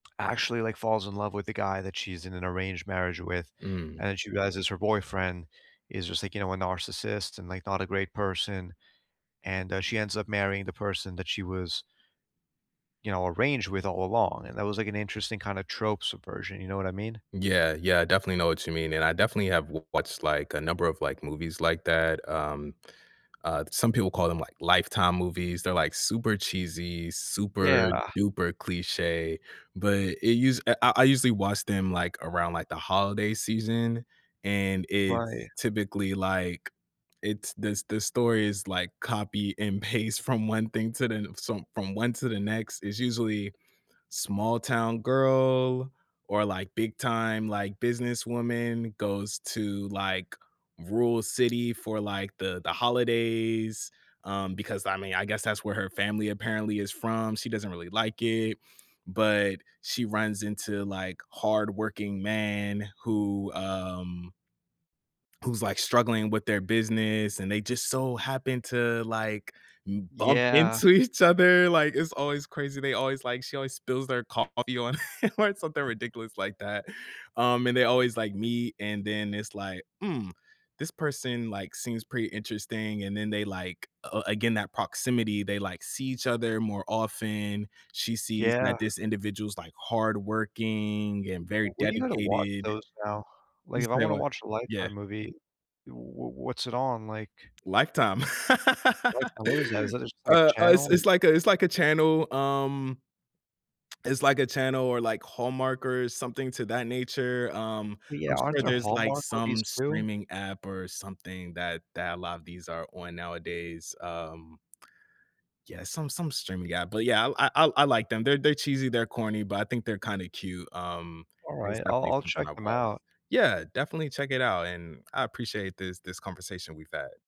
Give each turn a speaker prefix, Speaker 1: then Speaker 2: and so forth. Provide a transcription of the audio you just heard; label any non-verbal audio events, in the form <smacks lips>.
Speaker 1: Actually, like, falls in love with the guy that she's in an arranged marriage with,
Speaker 2: Mm.
Speaker 1: and she realizes her boyfriend is just, like, you know, a narcissist, and, like, not a great person, and, uh, she ends up marrying the person that she was you know, arranged with all along, and that was, like, an interesting, kinda, trope subversion, you know what I mean?
Speaker 2: Yeah, yeah, definitely know what you mean, and I definitely have w watched, like, a number of, like, movies like that. Um, uh, some people call them, like, "Lifetime movies." They're, like, super cheesy, super
Speaker 1: Yeah.
Speaker 2: duper cliche, but it use eh, I I usually watch them, like, around, like, the holiday season, and it's
Speaker 1: Right.
Speaker 2: typically like it's this the story is like copy and paste from one thing to the some from one to the next, is usually small-town girl, or like big-time, like, businesswoman goes to, like, rural city for, like, the the holidays, um, because, I mean, I guess that's where her family apparently is from. She doesn't really like it, but she runs into, like, hardworking man who, um who's, like, struggling with their business, and they just so happen to, like, m bump
Speaker 1: Yeah.
Speaker 2: into each other, like, it's always crazy. They always like she always spills their coffee on or something ridiculous like that, um, and they always, like, meet, and then it's like, "Mm, this person, like, seems pretty interesting," and then they, like a again, that proximity, they, like, see each other more often. She sees that
Speaker 1: Yeah.
Speaker 2: this individual's, like, hardworking, and
Speaker 1: W
Speaker 2: very
Speaker 1: where do you go to watch
Speaker 2: dedicated.
Speaker 1: those now?
Speaker 2: You
Speaker 1: Like, if I
Speaker 2: say
Speaker 1: wanna
Speaker 2: what?
Speaker 1: watch a
Speaker 2: Yeah.
Speaker 1: Lifetime movie, w w what's it on, like
Speaker 2: Lifetime.
Speaker 1: Lifetime, what is that?
Speaker 2: <laughs>
Speaker 1: Is that just, like, a
Speaker 2: Uh, uh, it's
Speaker 1: channel? Like
Speaker 2: it's like a it's like a channel, um <smacks lips> it's like a channel, or like Hallmark, or something to that nature. Um,
Speaker 1: Oh, yeah,
Speaker 2: I'm
Speaker 1: aren't
Speaker 2: sure
Speaker 1: there
Speaker 2: there's, like,
Speaker 1: Hallmark
Speaker 2: some
Speaker 1: movies, too?
Speaker 2: streaming app or something that that a lot of these are on nowadays, um Yeah, some some streaming app, but yeah, I l I I I like them. They're they're cheesy, they're corny, but I think they're kinda cute, um, it's
Speaker 1: Alright, I'll
Speaker 2: definitely
Speaker 1: I'll
Speaker 2: something
Speaker 1: check
Speaker 2: I've
Speaker 1: them
Speaker 2: watched.
Speaker 1: out.
Speaker 2: Yeah, definitely check it out, and I appreciate this this conversation we've had.